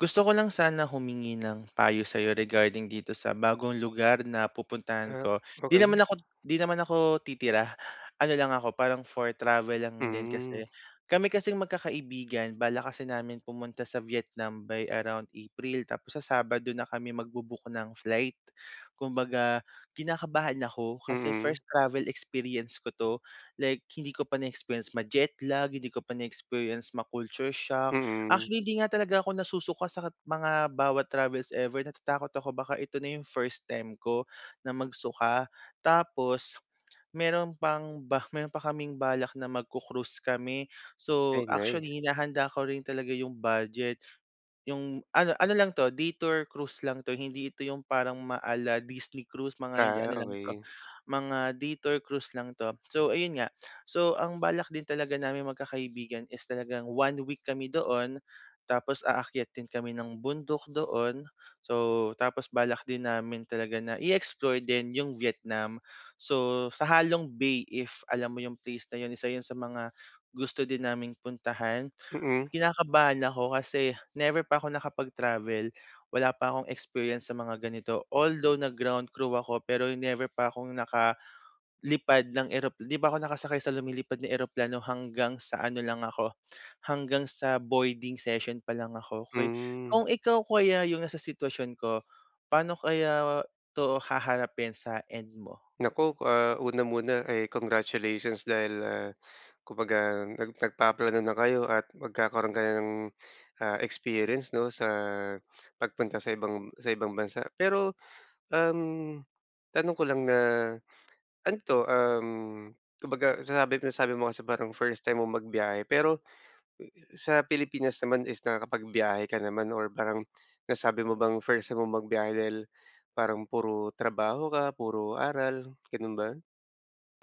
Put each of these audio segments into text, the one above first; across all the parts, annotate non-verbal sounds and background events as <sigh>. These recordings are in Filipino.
Gusto ko lang sana humingi ng payo sa'yo regarding dito sa bagong lugar na pupuntahan Ah, ko, 'di okey. naman ako 'di naman ako titira, ano lang ako, parang for travel lang din Hmm. kasi. Kami kasing magkakaibigan balak kasi namin pumunta sa Vietnam by around April. Tapos sa Sabado na kami magbo-book ng flight. Kumbaga, kinakabahan ako kasi Mm. first travel experience ko 'to, like hindi ko pa na-experience ma-jetlag, hindi ko pa na-experience ma culture shock. Mm. Actually, hindi nga talaga ako nasusuka sa ka mga bawat travels ever, natatakot ako baka ito na yung first time ko na magsuka. Tapos, <smacks lips> meron pang ba meron pa kaming balak na magku-cruise kami. So, Ay, nice. actually hinahanda ko rin talaga yung budget. Yung ano ano lang 'to, day tour cruise lang 'to, hindi ito yung parang ma ala-Disney cruise, mga hindi Ah, ano lang 'to, okey. mga day tour cruise lang 'to. So, ayun nga. <breath> So, ang balak din talaga naming magkakaibigan is talagang 1 week kami doon. Tapos aakyat din kami ng bundok doon. So tapos balak din namin talaga na i-explore din yung Vietnam. So, sa Ha Long Bay if alam mo yung place na yun, isa yun sa mga gusto din naming puntahan. Mm. Kinakabahan ako kasi never pa ako nakapag-travel, wala pa akong experience sa mga ganito. Although nag-ground crew ako pero never pa akong nakalipad ng erop di pa ako nakasakay sa lumilipad na eroplano, hanggang sa ano lang ako, hanggang sa boarding session pa lang ako. Kuy kung Hmm. ikaw kaya yung nasa sitwasyon ko, paano kaya 'to haharapin sa end mo? Naku, ah, una muna ay congratulations dahil, ah, kumbaga nag nagpaplano na kayo at magkakaroon ka na ng, ah, experience 'no, sa pagpunta sa ibang sa ibang bansa. Pero, um, tanong ko lang na, ano 'to, uhm, kumbaga sinabi ko nasabi mo kasi parang first time mong magbiyahe, pero sa Pilipinas naman is nakakapagbiyahe ka naman or parang nasabi mo bang first time mong magbiyahe dahil, parang puro trabaho ka, puro aral, gano'n ba?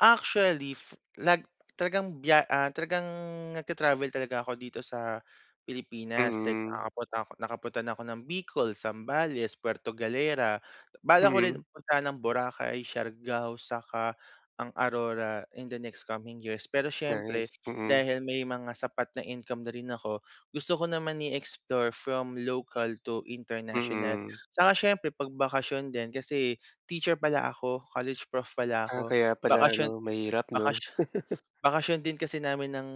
Actually, f nag talagang biya ah, talagang nagta-travel talaga ako dito sa Pilipinas, like Mm. nakakapunta ako nakapunta na ako ng Bicol, Zambales, Puerto Galera. Balak ko rin Mhm. puntahan ang Boracay, Siargao saka ang Aurora in the next coming years. Pero syempre Nice, mm. dahil may mga sapat na income na rin ako, gusto ko naman i-explore from local to international. Mm. Saka syempre 'pag bakasyon din, kasi teacher pala ako, college prof pala Ah, ako, kaya pala bakasyon 'no. Mahirap 'no? bakasyon <laughs> bakasyon din kasi namin ng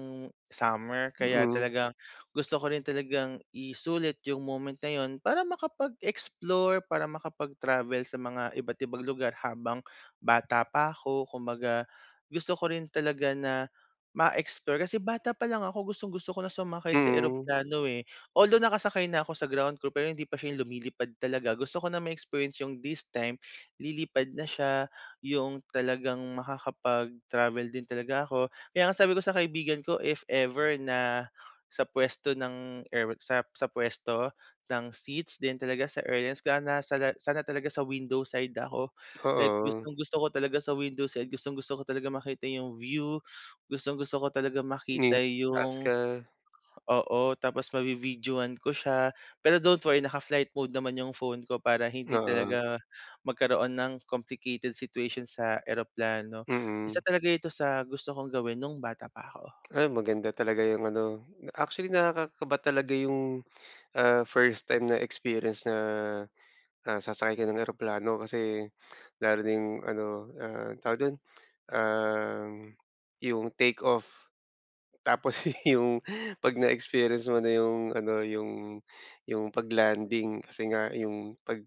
summer. Kaya Mm. talagang gusto ko rin talagang isulit yung moment na yun para makapag-explore, para makapag-travel sa mga iba't ibang lugar habang bata pa 'ko. Kumbaga gusto ko rin talaga na ma-explore, kasi bata palang ako gustong gusto ko na sumakay sa Mhm. eroplano, eh. Although, nakasakay na ako sa ground crew pero hindi pa siya lumilipad talaga. Gusto ko na ma-experience yung this time, lilipad na siya. Yung talagang makakapag-travel din talaga ako. Kaya nga sabi ko sa kaibigan ko, "If ever na sa puwesto ng air," what sap sa puwesto ng seats din talaga sa airlines, ga na saga "sana talaga sa window side ako." like Oo. gustong-gusto ko talaga sa window side, gustong-gusto ko talaga makita yung view. Gustong-gusto ko talaga Ni makita taas yung ka. oo, tapos mavi-videohan ko siya. Pero don't worry naka-flight mode naman yung phone ko para hindi Oo. talaga magkaroon ng complicated situation sa eroplano. Isa Mm. talaga ito sa gusto kong gawin nung bata pa ako. Ay, maganda talaga yung ano, actually, nakakakaba talaga yung, <breath> ah, first time na experience na, ah, sasakay ka ng eroplano. Kasi lalo na yung ano, ah, tawag do'n, uhm, yung take off, tapos yung 'pag na experience mo na yung ano, yung, yung pag-landing. Kasi nga yung, 'pag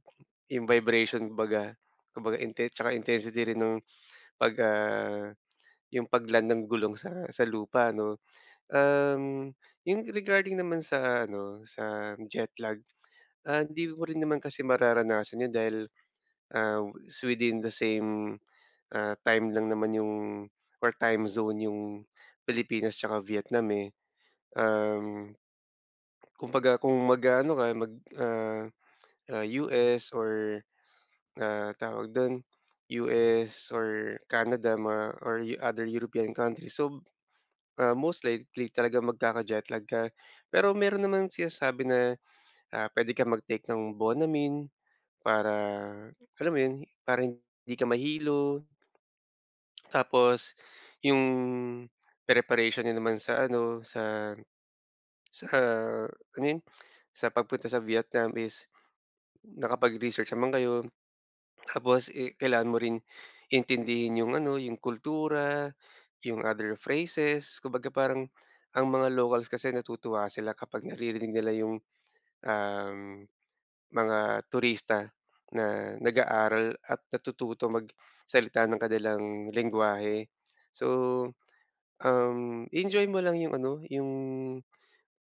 yung vibration baga, kumbaga inte 'tsaka intensity rin ng 'pag, ah, <smacks lips> yung pag-land ng gulong sa sa lupa, 'no? Uhm, yung regarding naman sa ano, sa jet lag, ah hindi mo rin naman kasi mararanasan yun dahil, ah, s within the same, ah, time lang naman yung or time zone yung Pilipinas 'tsaka Vietnam eh. Uhm, kumbaga, kung mag-aano ka, mag, <smacks lips> ah, ah, US or ah, tawag do'n, US or Canada, mga or other European countries. So, ah, most likely talaga magkaka-jet lag ka. Pero meron namang sinasabi na ah, "Puwede kang mag-take ng Bonamine para, alam mo yun, para hindi ka mahilo." <clicks tongue> Tapos, yung preparation niyo naman sa ano, sa sa -ano yun, sa pagpunta sa Vietnam is nakapag research naman kayo. <swallows> Tapos i kailangan mo ring intindihin yung ano, yung kultura, yung other phrases. Kumbaga, parang ang mga locals kasi natutuwa sila kapag naririnig nila yung, uhm, mga turista na nag-aaral at natututo magsalita ng kanilang lengguwahe. So, uhm, i-enjoy mo lang yung ano, yung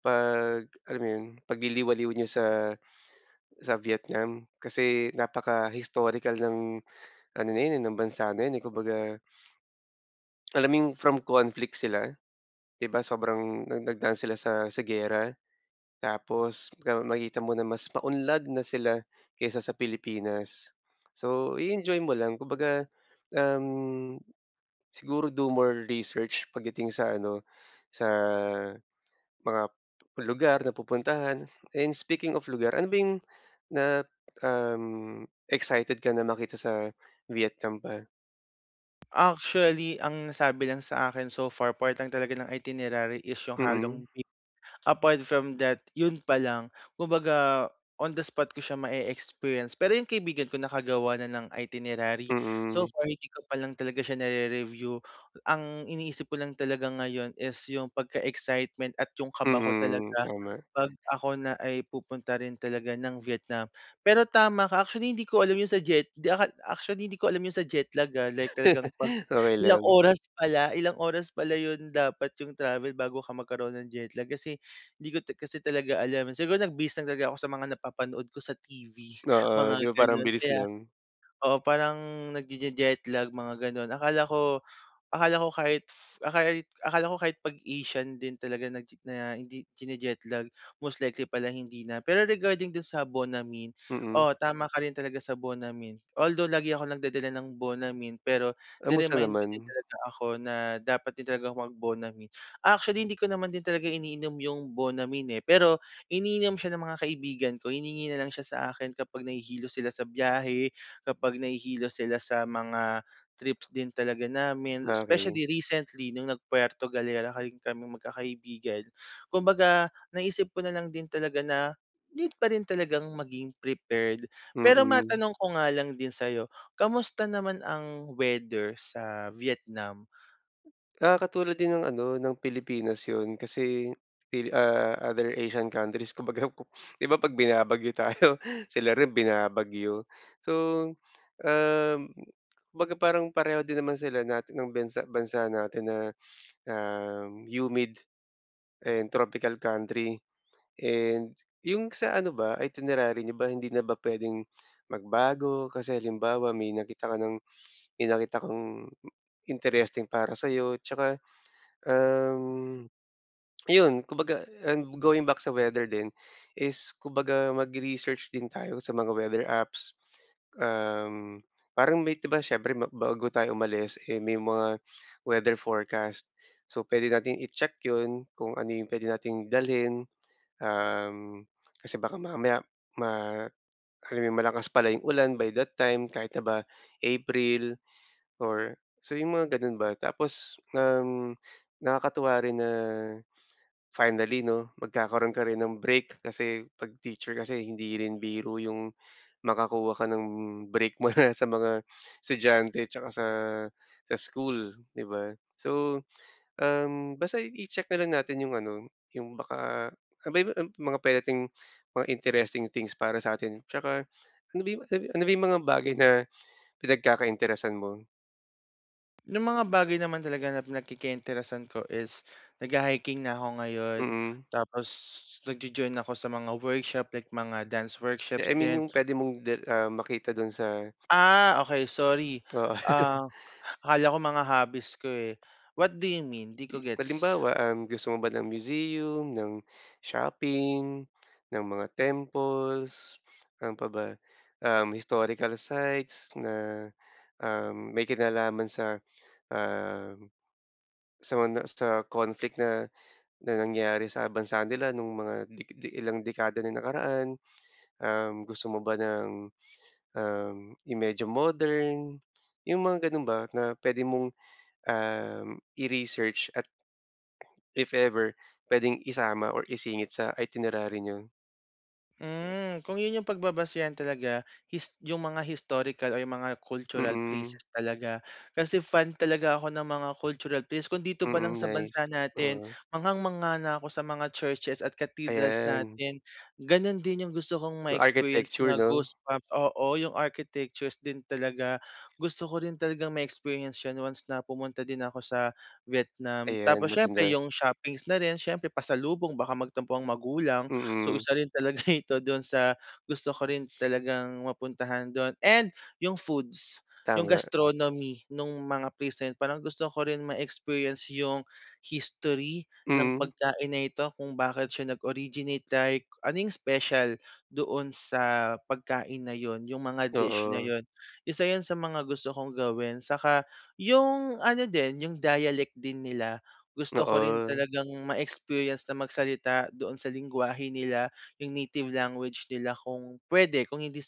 'pag, alam mo yun, pagliliwaliw niyo sa sa Vietnam. Kasi napaka-historical ng ano na yun eh, ng bansa na yun eh, kumbaga. <sniffs> Alam mo yung from conflict sila? 'Di ba, sobrang nag nagdaan sila sa sa giyera, tapos makikita mo na mas maunlad na sila kaysa sa Pilipinas. So, i-enjoy mo lang, kumbaga, uhm, siguro do more research pagdating sa ano, sa mga lugar na pupuntahan. And speaking of lugar, ano ba yung na, uhm, excited ka na makita sa Vietnam pa? Actually ang nasabi lang sa akin so far, part lang talaga ng itinerary is yung halong Mm. e apart from that yun pa lang. Kumbaga on the spot ko siya ma-eexperience. Pero yung kaibigan ko nakagawa na ng itinerary. So Mm. far hindi ko pa lang talaga siya narere-review. Ang iniisip ko lang talaga ngayon is yung pagka-excitement at yung kaba ko Mm, talaga, tama. pag ako na ay pupunta rin talaga ng Vietnam. Pero tama ka, actually hindi ko alam yun sa jet di akal actually hindi ko alam yun sa jet lag ha like talagang <chuckles> pag Okey ilang lang. oras pala ilang oras pala yun dapat yung travel bago ka magkaroon ng jet lag. Kasi hindi ko ta kasi talaga alam. Siguro nag-base lang talaga ako sa mga napapanood ko sa TV Oo mga di ba parang ang ganun. bilis Kaya, lang. oo parang nagjejeje-jet lag mga ganun akala ko akala ko kahit, ah, kahit, akala ko kahit pag Asian din talaga naje na hindi jinijetlag most likely pala hindi na. Pero regarding dun sa Bonamine, Mm. oo tama ka rin talaga sa Bonamine. Although lagi ako nagdadala ng Bonamine pero Kamusta Ni-remind mo din naman? talaga ako na dapat din talagang mag Bonamine. Actually hindi ko naman din talaga iniinom yung Bonamine, eh. Pero, iniinom siya ng mga kaibigan ko hiningi nalang siya sa akin kapag nahihilo sila sa biyahe, kapag nahihilo sila sa mga trips din talaga namin. Okey. Specially recently nung nag-Puerto Galera kahi kaming magkakaibigan. Kumbaga naisip ko nalang din talaga na need pa rin talagang maging prepared. Pero Mm. matanong ko nga lang din sayo, kamusta naman ang weather sa Vietnam? Ah katulad din ng ano ng Pilipinas yun. Kasi pili ah, other Asian countries kumbaga kop di ba pag binabagyo tayo sila rin binabagyo. So, um, kumbaga parang pareho din naman sila natin ng bansa, bansa natin na <sniffs> um humid and tropical country and yung sa ano ba? Itinerary niyo ba hindi na ba pwedeng magbago? Kasi halimbawa may nakita ka ng, may nakita kang interesting para sayo tsaka, um, <swallows> iyon kumbaga and going back sa weather din, is kumbaga mag-research din tayo sa mga weather apps. Um, parang may di ba siyempre ma bago tayo umalis eh may mga weather forecast. So pwede nating i-check yun kung ano yung puwede nating dalhin. Um, kasi baka mamaya ma, alam mo yun? Malakas pala yung ulan by that time, kahit na ba April or sabihin mong ganun ba. Tapos, um, nakakatuwa rin na finally no, magkakaroon ka rin ng break. Kasi pag teacher kasi hindi rin biro yung, makakuha ka ng break mo na sa mga estudyante tsaka sa sa school di ba? So um basta i i-check na lang natin yung ano yung baka, <unintelligible> mga <unintelligible> mga interesting things para sa 'tin tsaka ano ba yung ah, ano ba yung mga bagay na pinagkaka-interesan mo? Yung mga bagay naman talaga na pinagkaka interesan ko is nagha-hiking na ako ngayon. Mm. Tapos nagjo-join ako sa mga workshop like mga dance Di, workshops I mean din. yung pwede mong de ah, makita dun sa Ah, okey sorry. Oo. Um, <chuckles> akala ko mga hobbies ko, eh. What do you mean? Di ko gets. Halimbawa, um, gusto mo ba ng museum? Ng shopping? Ng mga temples? Ano paba, um, historical sites? Na, um, may kinalaman sa, ah, sa mga sa conflict na na nangyari sa bansa nila nung mga de de mga ilang dekada na nakaraan? Um, gusto mo ba ng, um, i medyo modern? Yung mga ganun ba na pwede mong, um, i-research. At if ever pwedeng isama or isingit sa itinerary niyo? Hmm, kung yun yung pagbabasehan talaga, his yung mga historical o yung mga cultural Mm. places talaga. Kasi fan talaga ako ng mga cultural place. Kung dito palang Mm sa nice. bansa natin Oo. manghang-mangha na ako sa mga churches at cathedrals Ayan. natin. Ganun din yung gusto kong So ma-experience architecture na no? goosebump oo yung architectures din talaga. Gusto ko din talagang ma-experience once na pumunta din ako sa Vietnam. Ayan Tapos siyempre maganda. yung shoppings na rin, siyempre pasalubong baka magtampo ang magulang. So Mm. isa rin talaga ito dun sa gusto ko rin talagang mapuntahan dun and yung foods. Yung Tama. gastronomy nung mga present. Parang gusto ko rin ma-experience yung history ng Mm. pagkain na ito kung bakit siya nag originate like ano yung special doon sa pagkain na yun, yung mga dish na Oo. yun. Isa yun sa mga gusto kong gawin. Saka yung ano din yung dialect din nila, gusto ko rin Oo. talagang ma-experience na magsalita doon sa lenggwahe nila, yung native language nila kung pwede. Kung hindi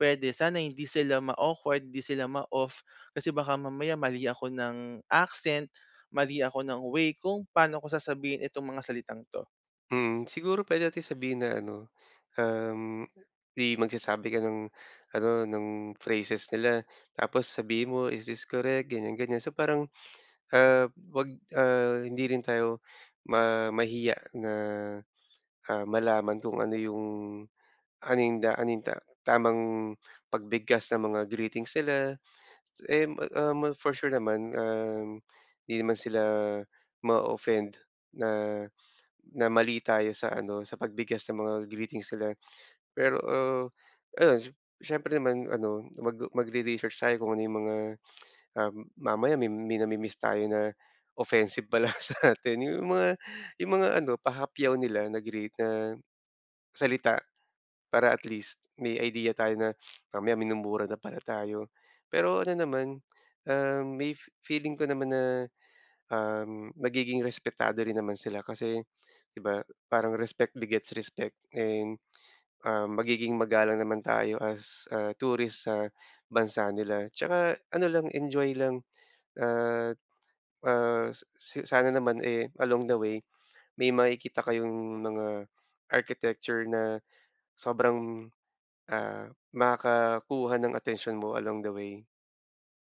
pwede, sana hindi sila ma-awkward, di sila ma-off. Kasi baka mamaya mali ako ng accent, mali ako ng way kung paano ko sasabihin itong mga salitang to. Mm. Siguro, pwede nating sabihin na ano, um, di magsasabi ka ng ano, ng phrases nila. Tapos sabihin mo, "Is this correct?" Ganyan, ganyan. So, parang, <sniffs> ah, wag, ah, hindi rin tayo ma mahiya na, ah, malaman kung ano yung ano yung da ano yung ta tamang pagbigkas ng mga greetings nila. Em um, for sure naman, um, hindi naman sila ma-ooffend na na mali tayo sa ano, sa pagbigkas ng mga greetings nila. Pero, ah, ayun, s syempre naman ano, mag magre-research tayo kung ano yung mga, <clicks tongue> ah, mamaya may may nami-miss tayo na offensive pala sa'tin. Yung mga yung mga ano, pahapyaw nila na greet na salita. Para at least may idea tayo na <sniffs> mamaya, minumura na pala tayo. Pero ano naman, um, may fe feeling ko naman na, um, magiging respetado rin naman sila kasi, di ba, parang respect begets respect. And, um, magiging magalang naman tayo as, ah, tourist sa bansa nila. Tsaka ano lang, enjoy lang at, ah, s s sana naman, eh, along the way, may makikita kayong mga architecture na sobrang, ah, makakuha ng atensyon mo along the way.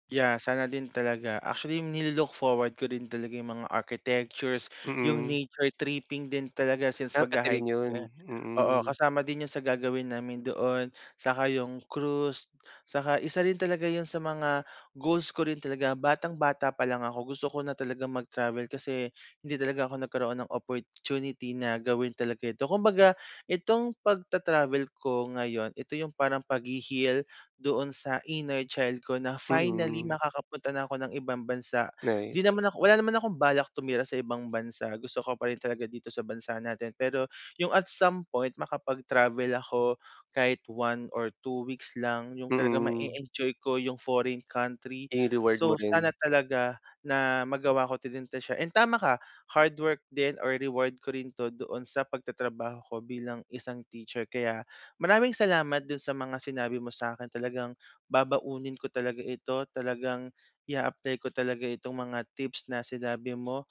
Yeah, sana din talaga. Actually ni-lo-look forward ko din talaga yung mga architectures, yung Mm. nature tripping din talaga since Ah, pati rin magha-hike yun? nga oo Mm. kasama din yun sa gagawin namin doon, saka yung cruise. Saka isa rin talaga yun sa mga goals ko rin talaga. Batang-bata pa lang ako gusto ko na talagang mag-travel. Kasi hindi talaga ako nagkaroon ng opportunity na gawin talaga to. Kumbaga, itong pagta-travel ko ngayon, ito yung parang paghe-heal doon sa inner child ko na finally Mm. makakapunta na 'ko ng ibang bansa. 'Di Nice. naman ako wala naman akong balak tumira sa ibang bansa, gusto ko pa rin talaga dito sa bansa natin. Pero yung at some point makapag-travel ako kahit 1 or 2 weeks lang. Yung Mm. ma-eenjoy ko yung foreign country. I-reward mo So, sana rin. talaga na magawa ko din talaga siya. And tama ka, hardwork din or reward ko rin 'to doon sa pagtatrabaho ko bilang isang teacher. Kaya, maraming salamat do'n sa mga sinabi mo sa'kin, talagang babaunin ko talaga ito. Talagang i-aapply ko talaga itong mga tips na sinabi mo,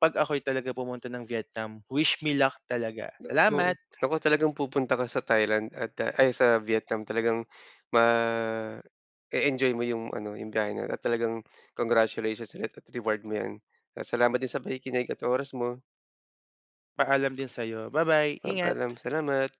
'pag ako'y talaga pumunta ng Vietnam, wish me luck talaga. Naku. Salamat. Naku, talagang pupunta ka sa Thailand at ay sa Vietnam. Talagang <breath> ma-eenjoy mo yung ano yung biyahe nga. At talagang congratulations ulit at reward mo 'yan. Salamat din sa pakikinig at oras mo. Paalam din sayo ba-bye Um paalam, ingat. salamat.